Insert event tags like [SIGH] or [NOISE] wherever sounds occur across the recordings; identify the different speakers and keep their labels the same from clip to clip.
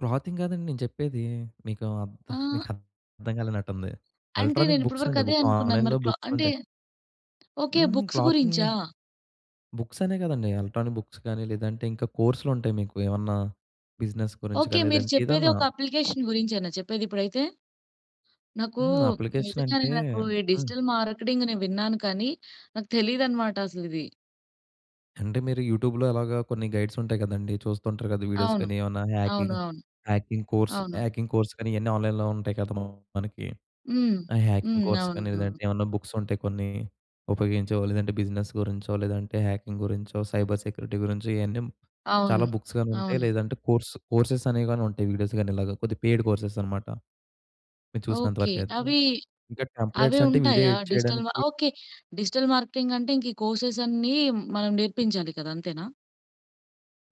Speaker 1: Clothing గాదండి నేను జేప్పేదీ. మీకేం అర్ధ [CHUCKLES]
Speaker 2: ఆ!
Speaker 1: మీకర్థం గాలేనట్టుంది.
Speaker 2: అంటే,
Speaker 1: ఎలక్ట్రానిక్
Speaker 2: నేనిప్పడి వరకు
Speaker 1: బుక్సండి,
Speaker 2: అదే
Speaker 1: బుక్
Speaker 2: అనుకున్నాను,
Speaker 1: ఆన్‌లైన్‌లో
Speaker 2: మరి క్లా అంటే,
Speaker 1: బుక్సుంటాయి.
Speaker 2: ఓకే.
Speaker 1: హుహు.
Speaker 2: బుక్స్
Speaker 1: క్లాతింగా
Speaker 2: గురించా?
Speaker 1: బుక్సనే గాదండీ, ఎలక్ట్రానిక్ బుక్స్ గాని, లేదంటే ఇంకా కోర్సులుంటాయి మీకూ, ఏమన్నా బిజినెస్ గురించి
Speaker 2: ఓకే.
Speaker 1: గాని,
Speaker 2: మీరు
Speaker 1: లేదంటే
Speaker 2: చెప్పేది,
Speaker 1: ఏదన్నా.
Speaker 2: ఒక అప్లికేషన్ గురించేనా చెప్పేదిప్పుడైతే? నాకూ,
Speaker 1: హుహు.
Speaker 2: నిజంగానే
Speaker 1: అప్లికేషనంటే
Speaker 2: నాకు ఈ
Speaker 1: హ్మ్.
Speaker 2: డిజిటల్ మార్కెటింగ్ నేను విన్నాను కానీ, నాకు తెలీదన్నమాట అసలిది.
Speaker 1: అంటే, మీరు యూట్యూబ్‌లో అలాగా కొన్ని గైడ్సుంటాయి గదండీ! చూస్తుంటారు కదా, వీడియోస్
Speaker 2: అవును.
Speaker 1: కానీ ఏమన్నా,
Speaker 2: అవును.
Speaker 1: హ్యాకింగ్
Speaker 2: అవును.
Speaker 1: హ్యాకింగ్ కోర్స్,
Speaker 2: అవును.
Speaker 1: హ్యాకింగ్ కోర్స్ కానీ ఇయన్నీ ఆన్‌లైన్‌లో ఉంటాయి కదా! మనకి.
Speaker 2: హ్మ్.
Speaker 1: ఆ హ్యాకింగ్
Speaker 2: హ్మ్.
Speaker 1: కోర్స్ కానీ,
Speaker 2: అవును.
Speaker 1: లేదంటే ఏమన్నా బుక్సుంటాయి కొన్నీ, ఉపయోగించేవో, లేదంటే బిజినెస్ గురించో, లేదంటే హ్యాకింగ్ గురించో, సైబర్ సెక్యూరిటీ గురించో, ఇయన్నీ హ్మ్, చాలా
Speaker 2: అవును.
Speaker 1: బుక్స్ గానుంటాయి,
Speaker 2: అవును.
Speaker 1: లేదంటే కోర్స్ కోర్సెస్ అనేయి గానుంటాయి. వీడియోస్ గానీ ఇలాగా, కొద్దిగా పెయిడ్ కోర్సెస్ అనమాట. మీరు చూసినంత
Speaker 2: ఓకే.
Speaker 1: వరకయితే.
Speaker 2: అవీ
Speaker 1: ఇంకా
Speaker 2: అవే
Speaker 1: టెంప్లేట్స్ అంటే, వీడియో
Speaker 2: ఉంటాయా?
Speaker 1: ఎడిట్
Speaker 2: డిజిటల్ మా
Speaker 1: చేయడానికి
Speaker 2: ఓకే. డిజిటల్ మార్కెటింగ్ అంటే, ఇంక ఈ కోర్సెస్ అన్నీ, మనం నేర్పించాలి కదా! అంతేనా?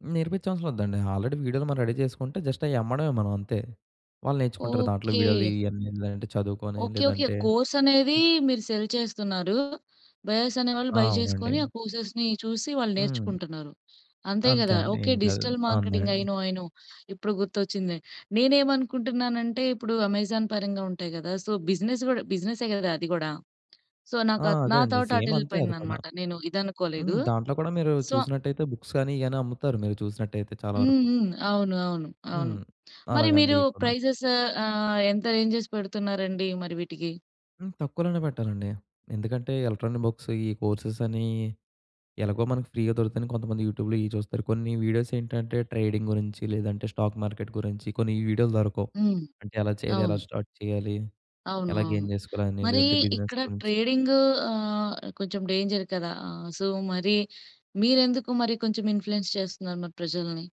Speaker 1: హ్మ్. నేర్పించవసరం లేదండీ. ఆల్రెడీ వీడియోలు మనం రెడీ చేసుకుంటే, జస్ట్ అయ్యమ్మడమే మనం, అంతే. వాళ్ళు నేర్చుకుంటారు, దాంట్లో
Speaker 2: ఓకే.
Speaker 1: వీడియోలు, ఇయన్నీ, లేదంటే చదువుకొని
Speaker 2: ఓకే. ఓకే.
Speaker 1: లేదంటే
Speaker 2: కోర్సనేదీ
Speaker 1: హ్మ్.
Speaker 2: మీరు సెల్ చేస్తున్నారు. బయర్స్ అనే వాళ్ళు,
Speaker 1: ఆ!
Speaker 2: బయ్
Speaker 1: అవునండి.
Speaker 2: జేసుకొని, ఆ కోర్సెస్‌ని చూసి, వాళ్ళు
Speaker 1: హ్మ్.
Speaker 2: నేర్చుకుంటున్నారు. అంతే
Speaker 1: అంతే
Speaker 2: గదా!
Speaker 1: అండి.
Speaker 2: ఓకే.
Speaker 1: ఏం కాదు,
Speaker 2: డిజిటల్
Speaker 1: అంతే
Speaker 2: మార్కెటింగ్. ఐ
Speaker 1: అండి.
Speaker 2: నో. I know. ఇప్పుడు గుర్తొచ్చింది. నేనేమనుకుంటున్నానంటే, ఇప్పుడు 'అమెజాన్' పరంగా ఉంటాయి గదా! సో, బిజినెస్ గూడా బిజినెసే గదా, అది గూడా! సో,
Speaker 1: ఆ!
Speaker 2: నాకా
Speaker 1: అదే
Speaker 2: నా
Speaker 1: అండి.
Speaker 2: థాట్
Speaker 1: సేమ్ అంతే, అది కూడా.
Speaker 2: అటెళ్ళిపోయిందనమాట. నేను
Speaker 1: హ్మ్.
Speaker 2: ఇదనుకోలేదూ,
Speaker 1: దాంట్లో కూడా మీరూ
Speaker 2: సో
Speaker 1: చూసినట్టయితే, బుక్స్ గానీ, ఇయ్యని అమ్ముతారు, మీరు చూసినట్టయితే, చాలా
Speaker 2: హ్మ్.
Speaker 1: వరకు.
Speaker 2: హ్మ్. అవును. అవును. అవును.
Speaker 1: హ్మ్.
Speaker 2: మరి
Speaker 1: అలాగండీ
Speaker 2: మీరూ
Speaker 1: ఇప్పుడు.
Speaker 2: ప్రైజెస్ ఆహ్, ఎంత రేంజెస్ పెడుతున్నారండి మరి వీటికి?
Speaker 1: హ్మ్. తక్కువలోనే పెట్టాలండి. ఎందుకంటే, ఎలక్ట్రానిక్ బుక్స్ ఇయ్యి కోర్సెస్ అనీ, ఎలాగో మనకి ఫ్రీగా దొరుకుతాయని, కొంతమంది యూట్యూబ్‌లో ఇయ్యి చూస్తారు. కొన్ని వీడియోసేంటంటే, ట్రేడింగ్ గురించి, లేదంటే స్టాక్ మార్కెట్ గురించి, కొన్ని ఈ వీడియోలు దొరకవు.
Speaker 2: హ్మ్.
Speaker 1: అంటే ఎలా చేయాలి, ఎలా
Speaker 2: అవును.
Speaker 1: స్టార్ట్ చేయాలి,
Speaker 2: అవును.
Speaker 1: ఎలా
Speaker 2: అవును.
Speaker 1: గెయిన్ చేసుకోవాలని,
Speaker 2: మరీ
Speaker 1: లేదంటే బిజినెస్
Speaker 2: ఇక్కడ
Speaker 1: గురించి.
Speaker 2: ట్రేడింగూ ఆహ్, కొంచెం డేంజర్ కదా! ఆహ్, సో, మరీ మీరెందుకు మరి, కొంచెం ఇన్‌ఫ్లూయెన్స్ చేస్తున్నారు మరి ప్రజలని?